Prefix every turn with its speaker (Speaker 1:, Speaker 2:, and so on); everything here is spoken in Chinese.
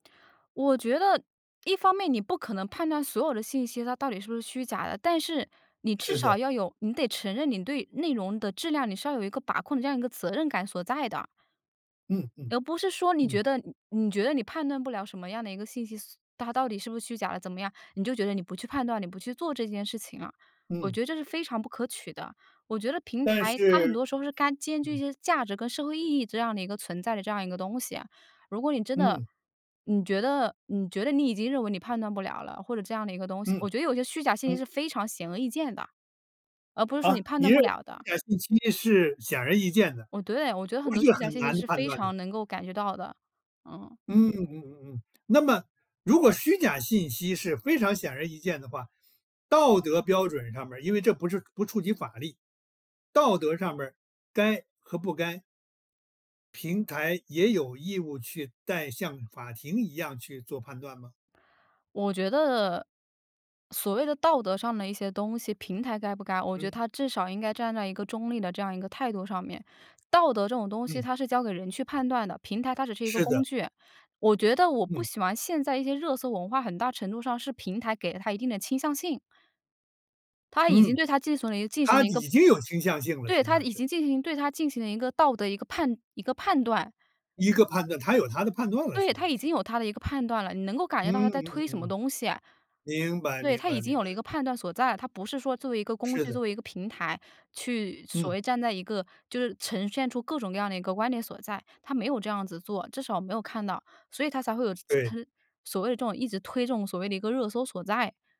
Speaker 1: 我觉得，一方面你不可能判断所有的信息它到底是不是虚假的，但是，你至
Speaker 2: 是的。
Speaker 1: 少要有你得承认你对内容的质量，你是要有一个把控的这样一个责任感所在的。
Speaker 2: 嗯嗯，
Speaker 1: 而不是说你觉
Speaker 2: 嗯。
Speaker 1: 得你觉得你判断不了什么样的一个信息，它到底是不是虚假的怎么样，你就觉得你不去判断，你不去做这件事情啊。我
Speaker 2: 嗯。
Speaker 1: 觉得这是非常不可取的。我觉得平
Speaker 2: 但
Speaker 1: 台它很
Speaker 2: 是
Speaker 1: 多时候是该兼具一
Speaker 2: 嗯。
Speaker 1: 些价值跟社会意义这样的一个存在的这样一个东西。如果你真的
Speaker 2: 嗯。
Speaker 1: 你觉得你觉得你已经认为你判断不了了，或者这样的一个东西。
Speaker 2: 嗯，
Speaker 1: 我觉得有些虚假信息
Speaker 2: 嗯。
Speaker 1: 是非常显而易见的，而不是说
Speaker 2: 啊？
Speaker 1: 你判
Speaker 2: 你
Speaker 1: 断
Speaker 2: 认
Speaker 1: 不
Speaker 2: 为
Speaker 1: 了
Speaker 2: 虚
Speaker 1: 的。
Speaker 2: 假信息是显而易见的，
Speaker 1: 我对，我觉得
Speaker 2: 不
Speaker 1: 很多
Speaker 2: 是
Speaker 1: 虚假
Speaker 2: 很
Speaker 1: 信息
Speaker 2: 难
Speaker 1: 是
Speaker 2: 判
Speaker 1: 非
Speaker 2: 断的。
Speaker 1: 常能够感觉到的，嗯。
Speaker 2: 嗯嗯嗯嗯，那么，如果虚假信息是非常显而易见的话，道德标准上面儿因为这不是不触及法律，道德上面儿该和不该平台也有义务去带像法庭一样去做判断吗？
Speaker 1: 我觉得，所谓的道德上的一些东西平台该不该，我觉得
Speaker 2: 嗯。
Speaker 1: 它至少应该站在一个中立的这样一个态度上面。道德这种东西，
Speaker 2: 嗯。
Speaker 1: 它是交给人去判断的，平台它只是一个
Speaker 2: 是
Speaker 1: 工
Speaker 2: 的。
Speaker 1: 具。我觉得我不
Speaker 2: 嗯。
Speaker 1: 喜欢现在一些热搜文化，很大程度上是平台给了它一定的倾向性。它已经
Speaker 2: 嗯。
Speaker 1: 对它进行了一进行
Speaker 2: 它
Speaker 1: 了一个
Speaker 2: 已经有倾向性了，
Speaker 1: 对，
Speaker 2: 实际
Speaker 1: 它
Speaker 2: 上
Speaker 1: 已
Speaker 2: 是。
Speaker 1: 经进行对，它进行了一个道德，一个判一个判断。
Speaker 2: 一个判断它有它的判断了，实
Speaker 1: 对，
Speaker 2: 际
Speaker 1: 它
Speaker 2: 上
Speaker 1: 已
Speaker 2: 是。
Speaker 1: 经有它的一个判断了，你能够感觉到它
Speaker 2: 嗯嗯
Speaker 1: 在推
Speaker 2: 嗯
Speaker 1: 什么
Speaker 2: 嗯。
Speaker 1: 东西啊。
Speaker 2: 明白
Speaker 1: 对，
Speaker 2: 明
Speaker 1: 它已
Speaker 2: 白
Speaker 1: 经
Speaker 2: 明
Speaker 1: 有
Speaker 2: 白。
Speaker 1: 了一个判断所在。它不是说作为一个工
Speaker 2: 是
Speaker 1: 具，
Speaker 2: 的。
Speaker 1: 作为一个平台，去所
Speaker 2: 嗯。
Speaker 1: 谓站在一个，就是呈现出各种各样的一个观点所在。它没有这样子做，至少我没有看到，所以它才会有这
Speaker 2: 对。
Speaker 1: 这，它所谓的这种一直推所谓的一个热搜所在。